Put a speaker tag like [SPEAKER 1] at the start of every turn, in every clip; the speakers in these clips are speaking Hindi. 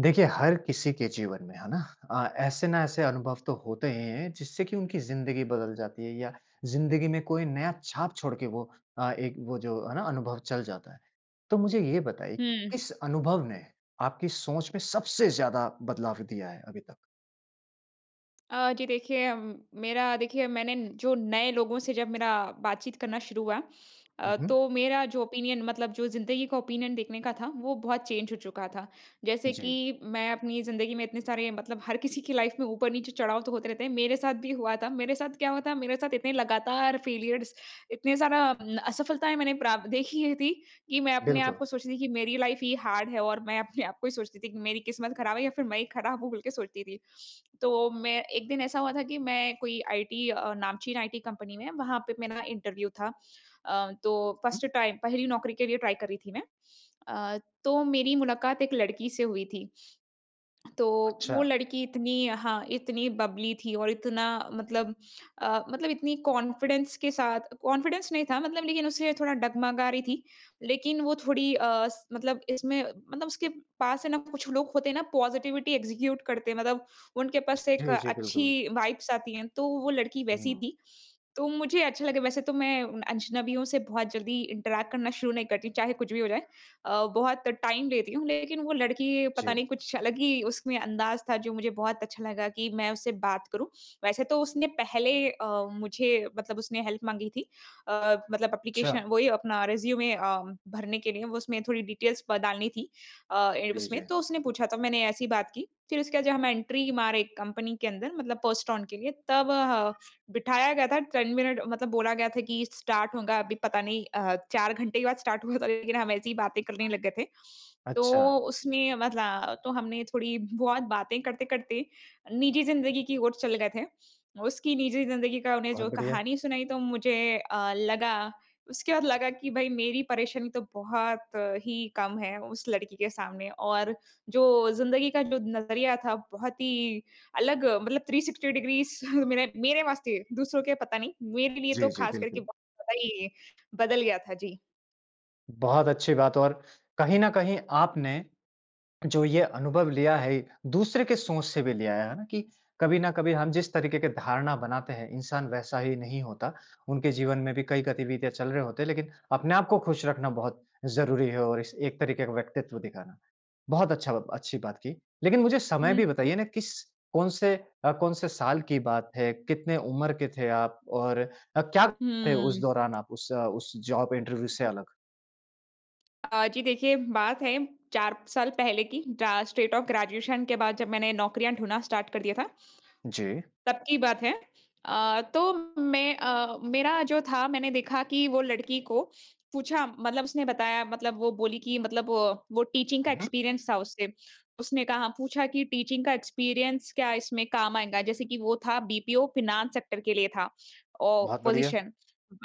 [SPEAKER 1] देखिए, हर किसी के जीवन में, है ना अ, ऐसे ना ऐसे अनुभव तो होते ही हैं जिससे कि उनकी ज़िंदगी बदल जाती है या ज़िंदगी में कोई नया छाप छोड़ के वो अ, एक वो जो, है ना अनुभव चल जाता है। तो मुझे ये बताइए
[SPEAKER 2] हुँ।
[SPEAKER 1] किस अनुभव ने आपकी सोच में सबसे ज़्यादा बदलाव दिया है, अभी तक?
[SPEAKER 2] अ, जी देखिए, मेरा देखिए मैंने जो नए लोगों से जब मेरा बातचीत करना शुरू हुआ
[SPEAKER 1] हुँ,
[SPEAKER 2] अ,
[SPEAKER 1] हुँ।
[SPEAKER 2] तो मेरा जो ओपिनियन मतलब जो ज़िंदगी का ओपिनियन देखने का था, वो बहुत चेंज हो चुका था। जैसे
[SPEAKER 1] जी।
[SPEAKER 2] कि, मैं अपनी ज़िंदगी में इतने सारे मतलब हर किसी की लाइफ में ऊपर-नीचे चढ़ाव तो होते रहते हैं, मेरे साथ भी हुआ था, मेरे साथ क्या हुआ था? मेरे साथ इतने लगातार फेलियर्स, इतने ज़्यादा असफलताएँ मैंने प्राप देखी थी, कि मैं अपने आप
[SPEAKER 1] बिल्कुल।
[SPEAKER 2] को सोचती थी कि मेरी लाइफ ही हार्ड है और मैं अपने आप को ही सोचती थी कि मेरी किस्मत खराब है या फिर मैं ही खराब हूँ, बोल के सोचती थी। तो मैं एक दिन ऐसा हुआ था, कि मैं कोई आईटी, नामचीन आईटी कंपनी में वहाँ पे मेरा इंटरव्यू था। अ, तो
[SPEAKER 1] हुँ।
[SPEAKER 2] फर्स्ट टाइम, पहली नौकरी के लिए ट्राई कर रही थी मैं अ, तो मेरी मुलाकात एक लड़की से हुई थी तो, वो
[SPEAKER 1] अच्छा।
[SPEAKER 2] लड़की इतनी हाँ इतनी बबली थी। और इतना मतलब अ, मतलब इतनी कॉन्फिडेंस के साथ कॉन्फिडेंस नहीं था, मतलब लेकिन उसे थोड़ा डगमगा रही थी। लेकिन वो थोड़ी अ, स मतलब इसमें मतलब उसके पास है ना कुछ लोग होते हैं ना, पॉजिटिविटी एक्जीक्यूट करते हैं, मतलब उनके पास एक
[SPEAKER 1] जी, जी, बिल्कुल।
[SPEAKER 2] अच्छी वाइब्स आती हैं, तो वो लड़की वैसी
[SPEAKER 1] हुँ।
[SPEAKER 2] थी। तो मुझे अच्छा लगे वैसे तो मैं अजनबियों से बहुत जल्दी इंटरैक्ट करना शुरू नहीं करती, चाहे कुछ भी हो जाए। अ, बहुत टाइम लेती हूँ, लेकिन वो लड़की पता
[SPEAKER 1] जी।
[SPEAKER 2] नहीं कुछ अलग ही उसमें अंदाज़ था जो मुझे बहुत अच्छा लगा कि मैं उससे बात करूँ, वैसे तो उसने पहले अ, मुझे मतलब उसने हेल्प माँगी थी। अ, मतलब एप्लीकेशन
[SPEAKER 1] अच्छा।
[SPEAKER 2] वही अपना रिज्यूमे अ, भरने के लिए वो उसमें थोड़ी डिटेल्स प डालनी थी। अ,
[SPEAKER 1] जी,
[SPEAKER 2] उसमें
[SPEAKER 1] जी।
[SPEAKER 2] तो उसने पूछा था मैंने ऐसी बात की, फिर उसके बाद जब हम एंट्री मारे कंपनी के अंदर मतलब पोस्ट ऑन के लिए तब ह बिठाया गया था। 10 मिनट मतलब बोला गया था कि स्टार्ट होगा अभी पता नहीं अ, 4 घंटे के बाद स्टार्ट हुआ था लेकिन हम ऐसी ही बातें करने लग गए थे।
[SPEAKER 1] अच्छा।
[SPEAKER 2] तो उसने मतलब तो हमने थोड़ी बहुत बातें करते-करते, निजी ज़िंदगी की ओर चले गए थे। उसकी निजी ज़िंदगी का उन्हें
[SPEAKER 1] बहुत
[SPEAKER 2] जो
[SPEAKER 1] बढ़िया।
[SPEAKER 2] कहानी सुनाई तो मुझे अ, लगा, उसके बाद लगा कि भई मेरी परेशानी तो बहुत ही कम है उस लड़की के सामने और जो ज़िंदगी का जो नज़रिया था बहुत ही अलग मतलब 360 डिग्रीज मेरे मेरे वास्ते, दूसरों के पता नहीं मेरे लिए
[SPEAKER 1] जी,
[SPEAKER 2] तो
[SPEAKER 1] जी,
[SPEAKER 2] खास करके
[SPEAKER 1] बिल्कुल।
[SPEAKER 2] बहुत ज़्यादा ही बदल गया था। जी।
[SPEAKER 1] बहुत अच्छी बात और कहीं न कहीं आपने जो ये अनुभव लिया है, दूसरे की सोच से भी लिया है, है ना। कि कभी न कभी हम जिस तरीके की धारणा बनाते हैं, इंसान वैसा ही नहीं होता। उनके जीवन में भी कई गतिविधियाँ चल रहे होते हैं, लेकिन अपने आप को खुश रखना बहुत ज़रूरी है और इस एक तरीके का व्यक्तित्व दिखाना। बहुत अच्छा ब अच्छी बात की। लेकिन मुझे समय
[SPEAKER 2] हुँ।
[SPEAKER 1] भी बताइए ना किस कौन-से अ, कौन-से साल की बात है, कितने उम्र के थे आप और अ, क्या थे उस
[SPEAKER 2] हुँ।
[SPEAKER 1] दौरान आप उस उस जॉब इंटरव्यू से अलग?
[SPEAKER 2] अ, जी। देखिए बात है 4 साल पहले की जा स्टेट ऑफ़ ग्रेजुएशन के बाद जब मैंने नौकरियाँ ढूँढना स्टार्ट कर दिया था।
[SPEAKER 1] जी।
[SPEAKER 2] तब की बात है। अ, तो मैं अ, मेरा जो था मैंने देखा कि वो लड़की को पूछा मतलब उसने बताया मतलब वो बोली कि मतलब वो टीचिंग का
[SPEAKER 1] हुँ, हुँ।
[SPEAKER 2] एक्सपीरियंस था उसे। उसने कहा पूछा कि टीचिंग का एक्सपीरियंस क्या इसमें काम आएगा? जैसे कि वो था बीपीओ फाइनेंस सेक्टर के लिए था ओ
[SPEAKER 1] बहुत बढ़िया।
[SPEAKER 2] पोज़ीशन।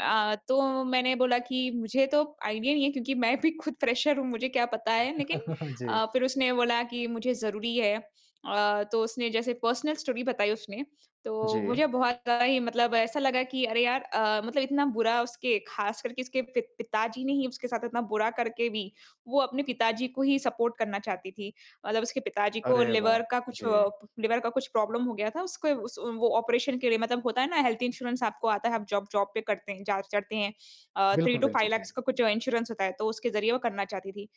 [SPEAKER 2] अ, तो मैंने बोला कि मुझे तो आइडिया ही नहीं है क्योंकि मैं भी खुद फ़्रेशर हूँ मुझे क्या पता है। लेकिन
[SPEAKER 1] जी।
[SPEAKER 2] अ, फ़िर उसने बोला कि मुझे ज़रूरी हैं। अ, तो उसने जैसे पर्सनल स्टोरी बताई उसने। तो
[SPEAKER 1] जी।
[SPEAKER 2] मुझे बहुत आई मतलब ऐसा लगा कि अरे यार अ, मतलब इतना बुरा उसके ख़ास करके उसके पि पिताजी ने ही उसके साथ इतना बुरा करके भी वो अपने पिताजी को ही सपोर्ट करना चाहती थी। मतलब उसके पिताजी को
[SPEAKER 1] अरे वाह!
[SPEAKER 2] लिवर का कुछ
[SPEAKER 1] जी।
[SPEAKER 2] अ, लिवर का कुछ प्रॉब्लम हो गया था। उसको उस वो ऑपरेशन के लिए मतलब होता है ना हेल्थ-इंश्योरेंस आपको आता है आप जॉब जॉब पे करते हैं जहाँ चढ़ते हैं। अ, 3
[SPEAKER 1] बिल्कुल,
[SPEAKER 2] टू
[SPEAKER 1] बिल्कुल।
[SPEAKER 2] 5
[SPEAKER 1] जी।
[SPEAKER 2] लेख्स का कुछ इंश्योरेंस होता है तो उसके ज़रिए वो करना चाहती थी।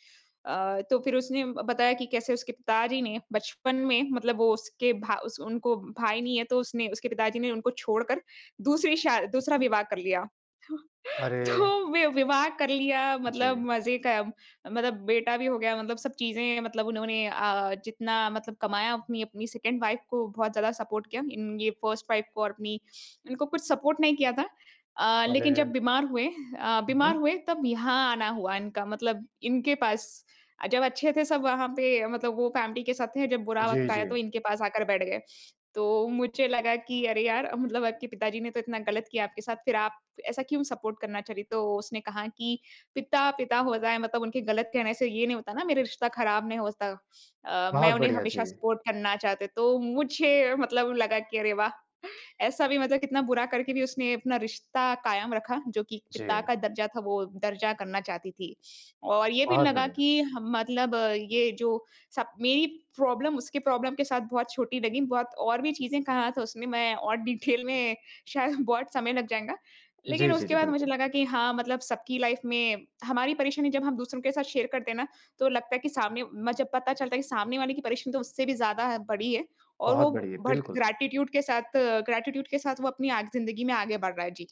[SPEAKER 2] अ, तो फ़िर उसने ब बताया कि कैसे उसके पिताजी ने बचपन में मतलब वो उसके भा उस उनको भाई नहीं है तो उसने उसके पिताजी ने उनको छोड़ कर दूसरी शा दूसरा
[SPEAKER 1] [unintelligible]
[SPEAKER 2] विवाह कर लिया। तो,
[SPEAKER 1] अरे!
[SPEAKER 2] तो वि विवाह कर लिया मतलब
[SPEAKER 1] जी।
[SPEAKER 2] मज़े क मतलब बेटा भी हो गया मतलब सब चीज़ें मतलब उन्होंने अ, जितना मतलब कमाया अपनी अपनी सेकंड वाइफ़ को बहुत ज़्यादा सपोर्ट किया। इन ये फ़र्स्ट वाइफ़ को और अपनी, इनको कुछ सपोर्ट नहीं किया था। अ, लेकिन जब
[SPEAKER 1] अरे!
[SPEAKER 2] बीमार हुए अ, बीमार
[SPEAKER 1] उहुँ।
[SPEAKER 2] हुए तब यहाँ आना हुआ इनका मतलब इनके पास। अ, जब अच्छे थे सब वहाँ पे मतलब वो फैमिली के साथ थे जब बुरा
[SPEAKER 1] जी,
[SPEAKER 2] वक़्त आया तो
[SPEAKER 1] जी।
[SPEAKER 2] इनके पास आकर बैठ गए। तो मुझे लगा कि अरे यार मतलब आपके पिताजी ने तो इतना गलत किया आपके साथ फिर आप ऐसा क्यों सपोर्ट करना चली? तो उसने कहा कि पिता, पिता होता है मतलब उनके गलत कहने से ये नहीं होता ना, मेरा रिश्ता ख़राब नहीं होता। अ, मैं
[SPEAKER 1] बहुत
[SPEAKER 2] उन्हें
[SPEAKER 1] बढ़िया। जी।
[SPEAKER 2] हमेशा सपोर्ट करना चाहते। तो मुझे मतलब लगा कि अरे वाह! ऐसा भी मतलब कितना बुरा करके भी उसने अपना रिश्ता कायम रखा। जो कि पिता
[SPEAKER 1] जी।
[SPEAKER 2] का दर्जा था वो दर्जा करना चाहती थी। और ये भी
[SPEAKER 1] बहुत
[SPEAKER 2] लगा
[SPEAKER 1] बढ़िया।
[SPEAKER 2] कि ह मतलब ये जो सब मेरी प्रॉब्लम उसकी प्रॉब्लम के साथ बहुत छोटी लगी। बहुत और भी चीज़ें कहा था उसने मैं और डिटेल में शायद बहुत समय लग जाएगा। लेकिन
[SPEAKER 1] जी, जी,
[SPEAKER 2] उसके
[SPEAKER 1] जी।
[SPEAKER 2] बाद मुझे
[SPEAKER 1] बिल्कुल।
[SPEAKER 2] लगा कि हाँ, मतलब सबकी लाइफ़ में हमारी परेशानी जब हम दूसरों के साथ शेयर करते हैं ना, तो लगता है कि सामने म जब पता चलता है कि सामने वाले की परेशानी तो उससे भी ज़्यादा बड़ी है। और
[SPEAKER 1] बहुत
[SPEAKER 2] वो
[SPEAKER 1] बढ़िया।
[SPEAKER 2] भड़
[SPEAKER 1] बिल्कुल।
[SPEAKER 2] ग्रैटिट्यूड के साथ ग्रैटिट्यूड के साथ वो अपनी आग ज़िन्दगी में आगे बढ़ रहा है। जी।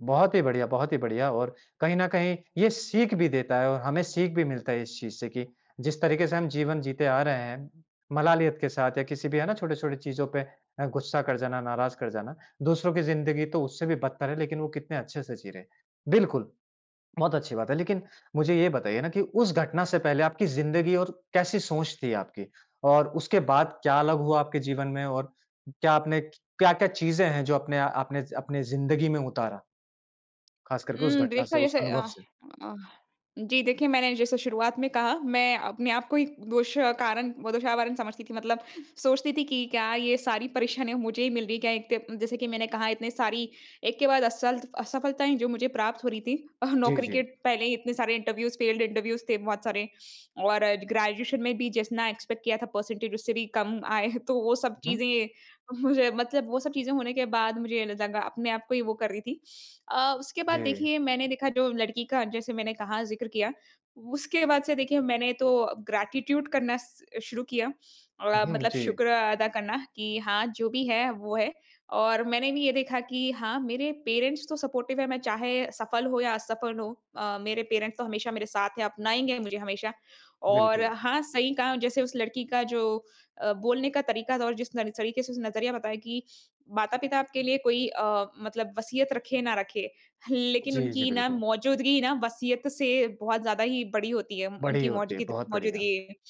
[SPEAKER 1] बहुत ही बढ़िया, बहुत ही बढ़िया और कहीं न कहीं ये सीख भी देता है और हमें सीख भी मिलता है इस चीज़ से कि जिस तरीके से हम जीवन जीते आ रहे हैं, मलालियत के साथ या किसी भी है ना छोटे-छोटे चीज़ों पे अ, गुस्सा कर जाना, नाराज़ कर जाना। दूसरों की जिंदगी तो उससे भी बदतर है लेकिन वो कितने अच्छे से जी रहे हैं। बिल्कुल। बहुत अच्छी बात है लेकिन मुझे यह बताइए ना कि उस घटना से पहले आपकी जिंदगी और कैसी सोच थी आपकी? और उसके बाद क्या अलग हुआ आपके जीवन में और क्या आपने क्या-क्या चीज़ें हैं जो अपने आ आपने अपनी जिंदगी में उतारा? ख़ास करके उस
[SPEAKER 2] उम,
[SPEAKER 1] घटना
[SPEAKER 2] देखो
[SPEAKER 1] से, उस
[SPEAKER 2] जैसे
[SPEAKER 1] अनुभव
[SPEAKER 2] अ
[SPEAKER 1] से?
[SPEAKER 2] अ, जी देखिए मैंने जैसे शुरुआत में कहा मैं अपने आप को ही दोष कारण वो दोषारोपण समझती थी मतलब सोचती थी कि क्या ये सारी परेशानियाँ मुझे ही मिल रही है क्या एक त जैसे कि मैंने कहा इतनी सारी एक के बाद असल असफलताएँ जो मुझे प्राप्त हो रही थी अ,
[SPEAKER 1] जी,
[SPEAKER 2] नौकरी के
[SPEAKER 1] जी।
[SPEAKER 2] पहले ही इतने सारे इंटरव्यूज़ फेल्ड इंटरव्यूज़ थे बहुत सारे। और ग्रेजुएशन में भी जितना एक्सपेक्ट किया था परसेंटेज उससे भी कम आए तो वो सब
[SPEAKER 1] हुँ।
[SPEAKER 2] चीज़ें मुझे मतलब वो सब चीज़ें होने के बाद मुझे ल लगा अपने आप को ही वो कर रही थी। अ, उसके बाद
[SPEAKER 1] जी।
[SPEAKER 2] देखिए मैंने देखा जो लड़की का जैसे मैंने कहा ज़िक्र किया। उसके बाद से देखिए मैंने तो ग्रैटिट्यूड करना स शुरू किया। अ,
[SPEAKER 1] उहुँ,
[SPEAKER 2] मतलब
[SPEAKER 1] जी।
[SPEAKER 2] शुक्र अदा करना कि हाँ, जो भी है वो है। और मैंने भी ये देखा कि हाँ, मेरे पेरेंट्स तो सपोर्टिव़ हैं मैं चाहे सफल हो या असफल हो। अ, मेरे पेरेंट्स तो हमेशा मेरे साथ हैं अपनाएँगे मुझे हमेशा। और
[SPEAKER 1] बिल्कुल।
[SPEAKER 2] हाँ, सही कहा जैसे उस लड़की का जो अ, बोलने का तरीका था और जिस तरी तरीके से उसने नज़रिया बताया कि माता-पिता आपके लिए कोई अ, मतलब वसीयत रखे ना रखे। लेकिन
[SPEAKER 1] जी, जी
[SPEAKER 2] उनकी ना
[SPEAKER 1] बिल्कुल।
[SPEAKER 2] मौजूदगी ना वसीयत से बहुत ज़्यादा ही बड़ी होती है।
[SPEAKER 1] बड़ी
[SPEAKER 2] उनकी
[SPEAKER 1] होती है,
[SPEAKER 2] मौजगिद
[SPEAKER 1] बहुत बढ़िया।
[SPEAKER 2] मौजूदगी।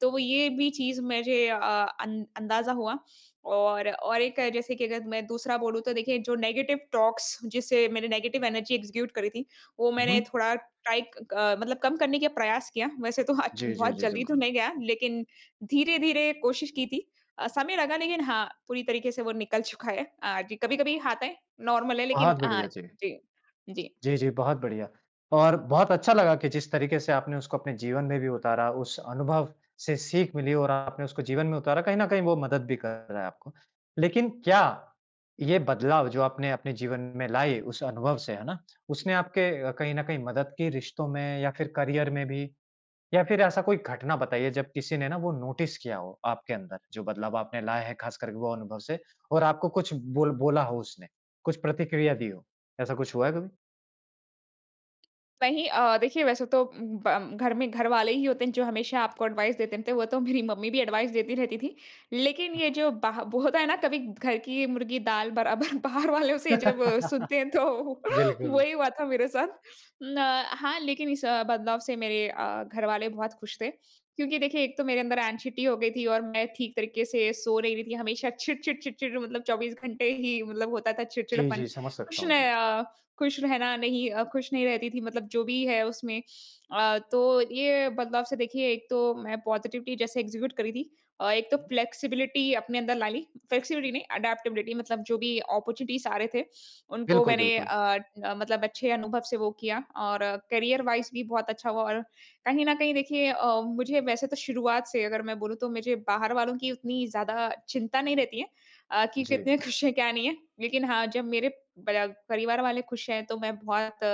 [SPEAKER 2] तो वो ये भी चीज़ मुझे अ, अं अंदाज़ा हुआ और और एक जैसे कि अगर मैं दूसरा बोलूँ तो देखिए जो नेगेटिव टॉक्स जिसे मैंने नेगेटिव एनर्जी एग्ज़ीक्युट करी थी, वो मैंने
[SPEAKER 1] उहुँ।
[SPEAKER 2] थोड़ा टाइट अ, मतलब कम करने के प्रयास किया। वैसे तो
[SPEAKER 1] जी, जी,
[SPEAKER 2] बहुत
[SPEAKER 1] जी
[SPEAKER 2] जल्दी तो
[SPEAKER 1] बिल्कुल।
[SPEAKER 2] नहीं गया लेकिन धीरे-धीरे कोशिश की थी। अ, समय लगा लेकिन हाँ, पूरी तरीके से वो निकल चुका है। अ, जी कभी-कभी आता है नॉर्मल है लेकिन
[SPEAKER 1] बहुत
[SPEAKER 2] अ,
[SPEAKER 1] बढ़िया, जी।
[SPEAKER 2] जी, जी।
[SPEAKER 1] जी, जी बहुत बढ़िया। और बहुत अच्छा लगा कि जिस तरीके से आपने उसको अपने जीवन में भी उतारा उस अनुभव से सीख मिली और आपने उसको जीवन में उतारा। कहीं न कहीं वो मदद भी कर रहा है आपको। लेकिन क्या ये बदलाव जो आपने अपने जीवन में लाए उस अनुभव से है ना? उसने आपके अ, कहीं न कहीं मदद की रिश्तों में या फ़िर करियर में भी? या फ़िर ऐसा कोई घटना बताइए जब किसी ने ना वो नोटिस किया हो आपके अंदर जो बदलाव आपने लाया है ख़ास करके वो अनुभव से। और आपको कुछ बोल बोला हो उसने? कुछ प्रतिक्रिया दी हो? ऐसा कुछ हुआ है कभी?
[SPEAKER 2] नहीं अ, देखिए वैसे तो उम, ब घर में घरवाले ही होते हैं जो हमेशा आपको एडवाइस देते रहते है। वो तो मेरी मम्मी भी एडवाइस देती रहती थी। लेकिन ये जो बाह वो होता है ना कभी घर की मुर्गी दाल बराबर बाहर वालों से जब सुनते हैं तो
[SPEAKER 1] बिल्कुल।
[SPEAKER 2] वही हुआ था मेरे साथ। न हाँ लेकिन इस बदलाव से मेरे अ, घरवाले बहुत खुश थे। क्योंकि देखिए एक तो मेरे अंदर ऐंग्ज़ाइटी हो गयी थी और मैं ठीक तरीके से सो नहीं रही थी। हमेशा चिड़-चिड़ चिड़-चिड़ मतलब 24 घंटे ही मतलब होता था
[SPEAKER 1] जी,
[SPEAKER 2] चिड़चिड़ापन।
[SPEAKER 1] जी समझ सकता
[SPEAKER 2] खुश
[SPEAKER 1] हूँ, जी।
[SPEAKER 2] नह अ, खुश रहना नहीं, खुश नहीं रहती थी। मतलब जो भी है उसमें अ, तो ये बदलाव से देखिए एक तो मैं पॉजिटिविटी जैसे एक्जीक्यूट करी थी। एक तो फ्लेक्सिबिलिटी अपने अंदर ला ली, फ्लेक्सिबिलिटी नहीं एडप्टबिलिटी मतलब जो भी अपॉर्चुनिटीज़ आ रहे थे उनको
[SPEAKER 1] बिल्कुल,
[SPEAKER 2] मैंने अ
[SPEAKER 1] बिल्कुल।
[SPEAKER 2] अ, मतलब अच्छे अनुभव से वो किया और करियर वाइस भी बहुत अच्छा हुआ। और कहीं न कहीं देखिए अ, मुझे वैसे तो शुरुआत से अगर मैं बोलूँ तो मुझे बाहर वलों की उतनी ज़्यादा चिंता नहीं रहती है, अ, कि
[SPEAKER 1] जी।
[SPEAKER 2] कितने खुश है क्या नहीं है। लेकिन हाँ, जब मेरे पर परिवार वाले खुश हैं तो मैं बहुत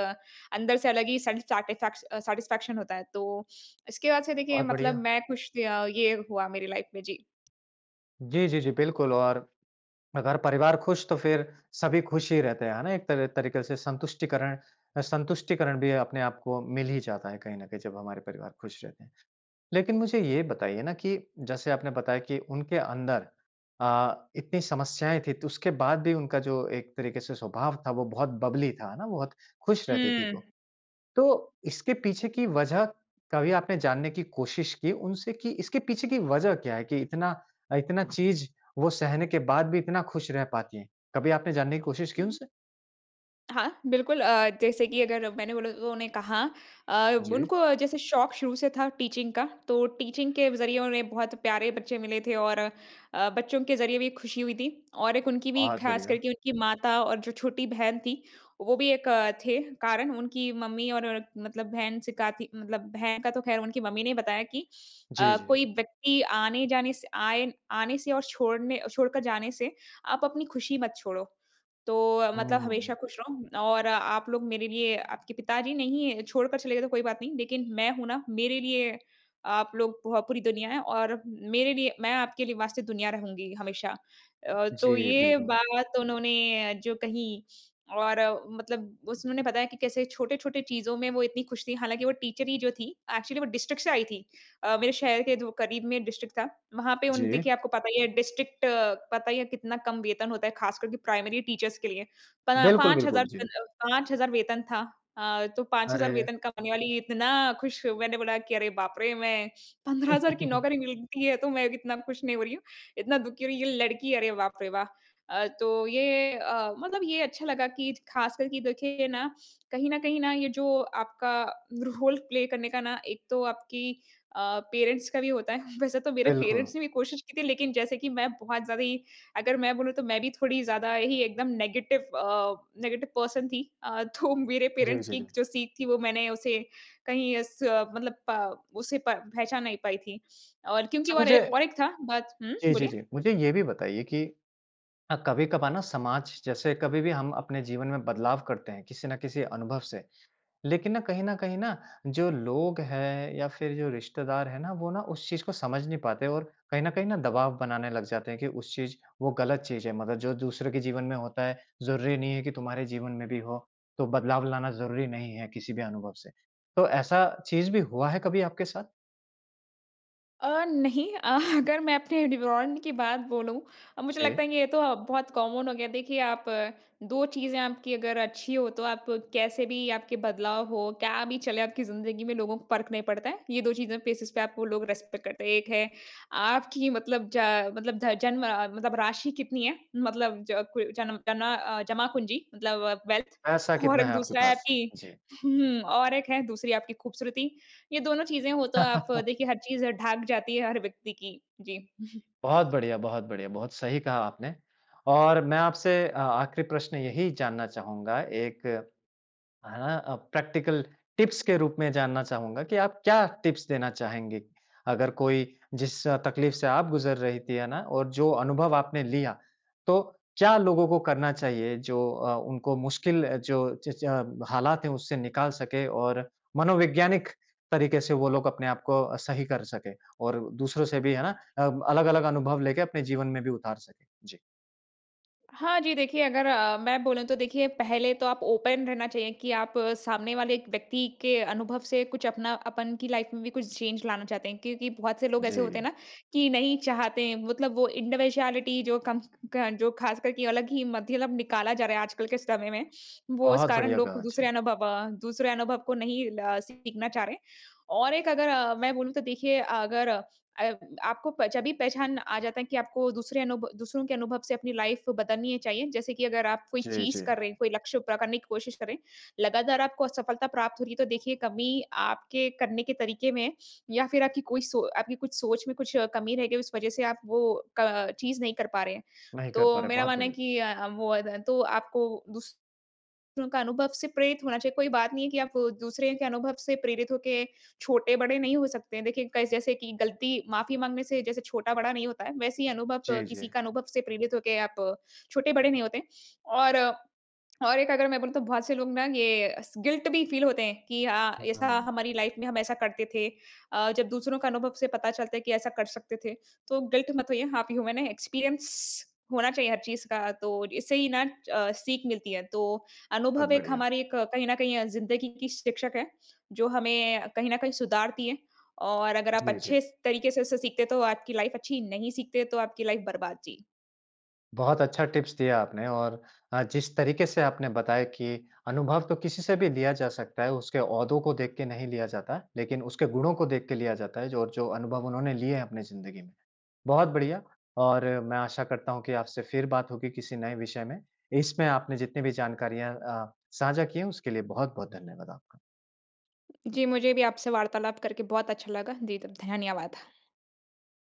[SPEAKER 2] अंदर से अलग ही सैटिस्फैक ए, फैक्स अ, सैटिस्फैक्शन होता है। तो इसके बाद से देखिए
[SPEAKER 1] बहुत
[SPEAKER 2] मतलब
[SPEAKER 1] बढ़िया।
[SPEAKER 2] मैं ख़ुश या ये हुआ मेरी लाइफ में जी।
[SPEAKER 1] जी, जी, जी। बिल्कुल और अगर परिवार ख़ुश तो फ़िर सभी ख़ुश ही रहते हैं, है ना? एक तर तरीक़े से संतुष्टिकरण अ, संतुष्टिकरण भी अपने आप को मिल ही जाता है कहीं न कहीं जब हमारे परिवार ख़ुश रहते हैं। लेकिन मुझे ये बताइए ना कि जैसे आपने बताया कि उनके अंदर अ, इतनी समस्याएँ थीं, तो उसके बाद भी उनका जो एक तरीक़े से स्वभाव था वो बहुत बबली था, है ना? बहुत ख़ुश रहती थी
[SPEAKER 2] हुँ।
[SPEAKER 1] वो। तो इसके पीछे की वजह कभी आपने जानने की कोशिश की उनसे कि इसके पीछे की वजह क्या है कि इतना अ, इतना चीज़ वो सहने के बाद भी इतना ख़ुश रह पाती हैं, कभी आपने जानने की कोशिश की
[SPEAKER 2] उम
[SPEAKER 1] उनसे?
[SPEAKER 2] हाँ, बिल्कुल। अ, जैसे कि अगर मैंने बोला तो उन्होंने कहा अ,
[SPEAKER 1] जी।
[SPEAKER 2] उनको जैसे शौक़ शुरू से था टीचिंग का तो टीचिंग के ज़रिए उन्हें बहुत प्यारे बच्चे मिले थे और अ, बच्चों के ज़रिए भी ख़ुशी हुई थी। और एक उनकी भी
[SPEAKER 1] बहुत
[SPEAKER 2] ख़ास
[SPEAKER 1] बढ़िया।
[SPEAKER 2] करके उनकी माता और जो छोटी बहन थी वो भी एक थे कारण। उनकी मम्मी और मतलब बहन सिखाती मतलब बहन का तो ख़ैर उनकी मम्मी ने बताया कि
[SPEAKER 1] जी,
[SPEAKER 2] अ,
[SPEAKER 1] जी।
[SPEAKER 2] कोई व्यक्ति आने-जाने से आए आने से आएन आने से और छोड़ने छोड़ कर जाने से, आप अपनी खुशी मत छोड़ो। तो अ, मतलब हमेशा
[SPEAKER 1] हुँ।
[SPEAKER 2] ख़ुश रहो और आप लोग मेरे लिए आपके पिताजी नहीं है छोड़ कर चले गए तो कोई बात नहीं लेकिन मैं हूँ ना मेरे लिए आप लोग पोह पूरी दुनिया है और मेरे लिए मैं आपके लिए वास्ते दुनिया रहूँगी हमेशा। अ, तो
[SPEAKER 1] जी,
[SPEAKER 2] ये
[SPEAKER 1] बिल्कुल।
[SPEAKER 2] बात उन्होंने जो कही और मतलब उस उन्होंने बताया कि कैसे छोटे-छोटे चीज़ों में वो इतनी ख़ुश थी। हालाँकि वो टीचर ही जो थी एक्चुअली वो डिस्ट्रिक्ट से आई थी। अ, मेरे शहर के जो क़रीब में डिस्ट्रिक्ट था। वहाँ पे उन
[SPEAKER 1] जी।
[SPEAKER 2] देखिए आपको पता ही है डिस्ट्रिक्ट पता ही है कितना कम वेतन होता है ख़ास करके प्राइमरी टीचर्स के लिए। पन
[SPEAKER 1] बिल्कुल,
[SPEAKER 2] पाँच
[SPEAKER 1] बिल्कुल।
[SPEAKER 2] हज़ार पन
[SPEAKER 1] जी।
[SPEAKER 2] 5000 वेतन था। अ, तो 5000
[SPEAKER 1] अरे!
[SPEAKER 2] वेतन कमाने वाली इतना ख़ुश मैंने बोला कि "अरे! बाप रे मैं 15000 की नौकरी मिलती है तो मैं इतना ख़ुश नहीं हो रही हूँ, इतना दुखी हो रही है ये लड़की अरे बाप रे वाह!" अ, तो ये अ, मतलब ये अच्छा लगा कि ख़ास कर कि देखिए ना कहीं न कहीं ना ये जो आपका रोल प्ले करने का ना एक तो आपकी अ, पेरेंट्स का भी होता है। वैसे तो मेरे
[SPEAKER 1] बिल्कुल।
[SPEAKER 2] पेरेंट्स ने भी कोशिश की थी लेकिन जैसे कि मैं बहुत ज़्यादा ही अगर मैं बोलूँ तो मैं भी थोड़ी ज़्यादा ही एकदम नेगेटिव अ, नेगेटिव पर्सन थी। अ, तो मेरे
[SPEAKER 1] जी,
[SPEAKER 2] पेरेंट्स
[SPEAKER 1] जी,
[SPEAKER 2] की
[SPEAKER 1] जी।
[SPEAKER 2] जो सीख थी वो मैंने उसे कहीं उस मतलब प उसे प पहचान नहीं पाई थी। और क्योंकि
[SPEAKER 1] अच्छा
[SPEAKER 2] और
[SPEAKER 1] मुझे
[SPEAKER 2] एक और एक था बात हुँ,
[SPEAKER 1] जी, जी,
[SPEAKER 2] बोलिए?
[SPEAKER 1] जी। मुझे ये भी बताइए कि अ, कभी-कभार ना समाज जैसे कभी भी हम अपने जीवन में बदलाव करते हैं किसी ना किसी अनुभव से लेकिन ना कहीं न कहीं ना जो लोग है या फ़िर जो रिश्तेदार है ना वो ना उस चीज़ को समझ नहीं पाते और कहीं न कहीं ना दबाव बनाने लग जाते हैं कि उस चीज़ वो ग़लत चीज़ है। मतलब जो दूसरे के जीवन में होता है, ज़रूरी नहीं है कि तुम्हारे जीवन में भी हो, तो बदलाव लाना ज़रूरी नहीं है किसी भी अनुभव से। तो ऐसा चीज़ भी हुआ है कभी आपके साथ?
[SPEAKER 2] अ, नहीं। अह, अगर मैं अपने डिवरॉन्ड की बात बोलूँ। अब मुझे लगता
[SPEAKER 1] जी।
[SPEAKER 2] है कि ये तो अब बहुत कॉमन हो गया है। देखिए, आप 2 चीज़ें आपकी अगर अच्छी हों, तो आप कैसे भी आपके बदलाव हो, क्या भी चले आपकी ज़िंदगी में, लोगों को फ़र्क नहीं पड़ता है। ये 2 चीज़ें फ़ेसिस पे आपको लोग रिस्पेक्ट करते हैं। एक है, आपकी मतलब ज मतलब ध जन्म अ, मतलब राशि कितनी है? मतलब ज कु जन्म जना अ, जमापूंजी मतलब वेल्थ।
[SPEAKER 1] पैसा
[SPEAKER 2] और
[SPEAKER 1] कितना
[SPEAKER 2] एक
[SPEAKER 1] है आपके
[SPEAKER 2] दूसरा है
[SPEAKER 1] पास।
[SPEAKER 2] आपकी
[SPEAKER 1] जी।
[SPEAKER 2] हुँ, और एक है दूसरी आपकी ख़ूबसूरती। ये दोनों चीज़ें हों तो आप देखिए, हर चीज़ ढक जाती है हर व्यक्ति की। जी।
[SPEAKER 1] बहुत बढ़िया, बहुत बढ़िया बहुत सही कहा आपने। और मैं आपसे अ, आख़िरी प्रश्न यही जानना चाहूँगा, एक, हाँ अ, प्रैक्टिकल टिप्स के रूप में जानना चाहूँगा, कि आप क्या टिप्स देना चाहेंगी? अगर कोई जिस अ, तकलीफ़ से आप गुजर रही थीं। है ना, और जो अनुभव आपने लिया, तो क्या लोगों को करना चाहिए जो अ, उनको मुश्किल जो जिस ज हालात है उससे निकाल सके, और मनोवैज्ञानिक तरीके से वो लोग अपने आपको अ, सही कर सके। और दूसरों से भी, है ना, अ, अलग-अलग अनुभव लेके अपने जीवन में भी उतार सके? जी।
[SPEAKER 2] हाँ जी, देखिए अगर अ, मैं बोलूँ तो देखिए, पहले तो आप ओपन रहना चाहिए कि आप सामने वाले एक व्यक्ति के अनुभव से कुछ अपना अपन की लाइफ़ में भी कुछ चेंज लाना चाहते हैं। क्योंकि बहुत से लोग ऐसे होते हैं
[SPEAKER 1] जी।
[SPEAKER 2] ना कि नहीं चाहते हैं, मतलब वो इंडिविजुअलिटी जो कम क जो ख़ास करके अलग ही मध्यलम निकाला जा रहा है आजकल के समय में, वो इस
[SPEAKER 1] बहुत
[SPEAKER 2] कारण
[SPEAKER 1] बढ़िया
[SPEAKER 2] लोग
[SPEAKER 1] कहा,
[SPEAKER 2] दूसरे
[SPEAKER 1] जी।
[SPEAKER 2] अनुभव अ, दूसरे अनुभव को नहीं ल सीखना चाह रहे। और एक अगर अ, मैं बोलू तो देखिए अगर अ, अयब आपको प जभी पहचान आ जाता है कि आपको दूसरे अनुभ दूसरों के अनुभव से अपनी लाइफ़ बदलनी अ, चाहिए। जैसे कि अगर आप कोई
[SPEAKER 1] जी,
[SPEAKER 2] चीज़
[SPEAKER 1] जी।
[SPEAKER 2] कर रहे हैं, कोई लक्ष्य पूरा करने की कोशिश कर रहे हैं, लगातार आपको असफलता प्राप्त हो रही है, तो देखिए कमी आपके करने के तरीके में है या फिर आपकी कोई सो आपकी कुछ सोच में कुछ कमी रह गई, उस वजह से आप वो क चीज़ नहीं कर पा रहे हैं।
[SPEAKER 1] नहीं कर पा
[SPEAKER 2] तो
[SPEAKER 1] रहे हैं,
[SPEAKER 2] मेरा
[SPEAKER 1] बहुत
[SPEAKER 2] मानना है
[SPEAKER 1] बढ़िया!
[SPEAKER 2] कि अ अ, वो अद तो आपको दूसरों का अनुभव से प्रेरित होना चाहिए। कोई बात नहीं है कि आप दूसरे के अनुभव से प्रेरित हो के छोटे-बड़े नहीं हो सकते। देखिए कस जैसे कि गलती माफ़ी माँगने से जैसे छोटा-बड़ा नहीं होता है, वैसे ही अनुभव
[SPEAKER 1] जी,
[SPEAKER 2] किसी
[SPEAKER 1] जी।
[SPEAKER 2] का अनुभव से प्रेरित होके आप छोटे-बड़े नहीं होते हैं। और, और एक अगर मैं बोलूँ तो बहुत से लोग ना ये अस गिल्ट भी फ़ील होते हैं कि अ,
[SPEAKER 1] हुँ,
[SPEAKER 2] ऐसा
[SPEAKER 1] हुँ।
[SPEAKER 2] हमारी लाइफ़ में हम ऐसा करते थे। अ, जब दूसरों का अनुभव से पता चलता है कि ऐसा कर सकते थे, तो गिल्ट मत होइए। आप ह्यूमन हैं, एक्सपीरियंस होना चाहिए हर चीज़ का। तो इससे ही ना च सीख मिलती है। तो
[SPEAKER 1] बहुत
[SPEAKER 2] अनुभव एक
[SPEAKER 1] बढ़िया!
[SPEAKER 2] हमारी एक कहीं न कहीं अ, ज़िन्दगी की शिक्षक है, जो हमें अ, कहीं न कहीं सुधारती है। और अगर आप
[SPEAKER 1] जी,
[SPEAKER 2] अच्छे
[SPEAKER 1] जी।
[SPEAKER 2] स तरीके से उसे सीखते तो आपकी लाइफ़ अच्छी, नहीं सीखते तो आपकी लाइफ़ बर्बाद। जी।
[SPEAKER 1] बहुत अच्छा टिप्स दिया आपने और अ, जिस तरीके से आपने बताया कि अनुभव तो किसी से भी लिया जा सकता है। उसके ओहदों को देख के नहीं लिया जाता, लेकिन उसके गुणों को देख के लिया जाता है जो और जो अनुभव उन्होंने लिए हैं अपनी ज़िन्दगी में। बहुत बढ़िया, और मैं आशा करता हूँ कि आपसे फिर बात होगी किसी नए विषय में। इसमें आपने जितनी भी जानकारियाँ अ, साझा की हैं, उसके लिए बहुत बहुत धन्यवाद आपका।
[SPEAKER 2] जी, मुझे भी आपसे वार्तालाप करके बहुत अच्छा लगा। जी, तब धन्यवाद।